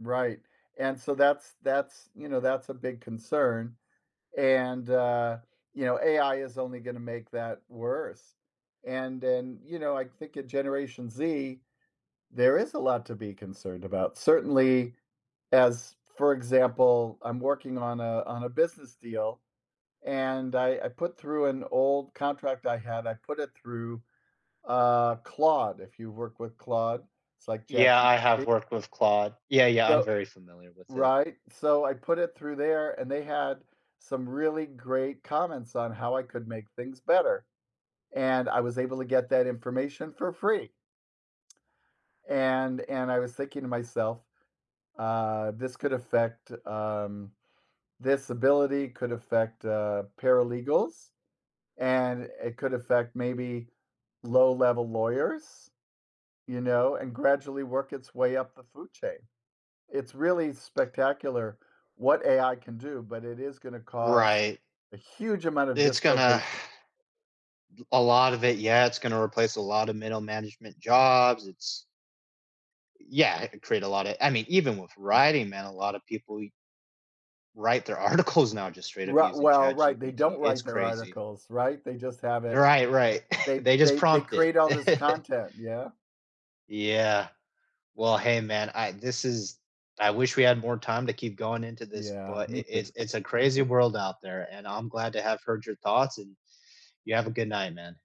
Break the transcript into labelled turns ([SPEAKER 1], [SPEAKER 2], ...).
[SPEAKER 1] Right, and, so, that's that's you know, that's a big concern, and, uh, you know, AI is only gonna make that worse. And, then, you know, I think at Generation Z, there is a lot to be concerned about, certainly as for example, I'm working on a on a business deal and I I put through an old contract I had I put it through, uh, Claude, if you work with Claude, it's like
[SPEAKER 2] Yeah, I
[SPEAKER 1] ChatGPT
[SPEAKER 2] have worked with Claude. Yeah, yeah, I'm
[SPEAKER 1] though
[SPEAKER 2] very familiar with it.
[SPEAKER 1] right? So, I put it through there and they had some really great comments on how I could make things better and I was able to get that information for free. And and, I was thinking to myself, uh, "This could affect, um this ability could affect, uh, paralegals and it could affect, maybe, low-level lawyers, you know? And gradually work its way up the food chain." It's really spectacular what AI can do, but it is gonna cause
[SPEAKER 2] Right.
[SPEAKER 1] a huge amount
[SPEAKER 2] D
[SPEAKER 1] of
[SPEAKER 2] It's gonna
[SPEAKER 1] dislocation.
[SPEAKER 2] d a lot of it yeah, it's gonna replace a lot of middle management jobs it's Y yeah create a lotta I mean, even with
[SPEAKER 1] M
[SPEAKER 2] writing, man, a lotta people e write their articles now just straight up
[SPEAKER 1] Ri
[SPEAKER 2] using
[SPEAKER 1] well, right they don't
[SPEAKER 2] ChatGPT it's
[SPEAKER 1] write their
[SPEAKER 2] crazy.
[SPEAKER 1] articles, right? They just have it
[SPEAKER 2] Right, right.
[SPEAKER 1] they
[SPEAKER 2] They just
[SPEAKER 1] they they
[SPEAKER 2] prompt it.
[SPEAKER 1] create all this content, yeah?
[SPEAKER 2] Yeah. Well, hey, man, I this is I wish we had more time to keep going into this,
[SPEAKER 1] Yeah,
[SPEAKER 2] but
[SPEAKER 1] me
[SPEAKER 2] it
[SPEAKER 1] too.
[SPEAKER 2] it's it's a crazy world out there, and I'm glad to have heard your thoughts, and you have a good night, man.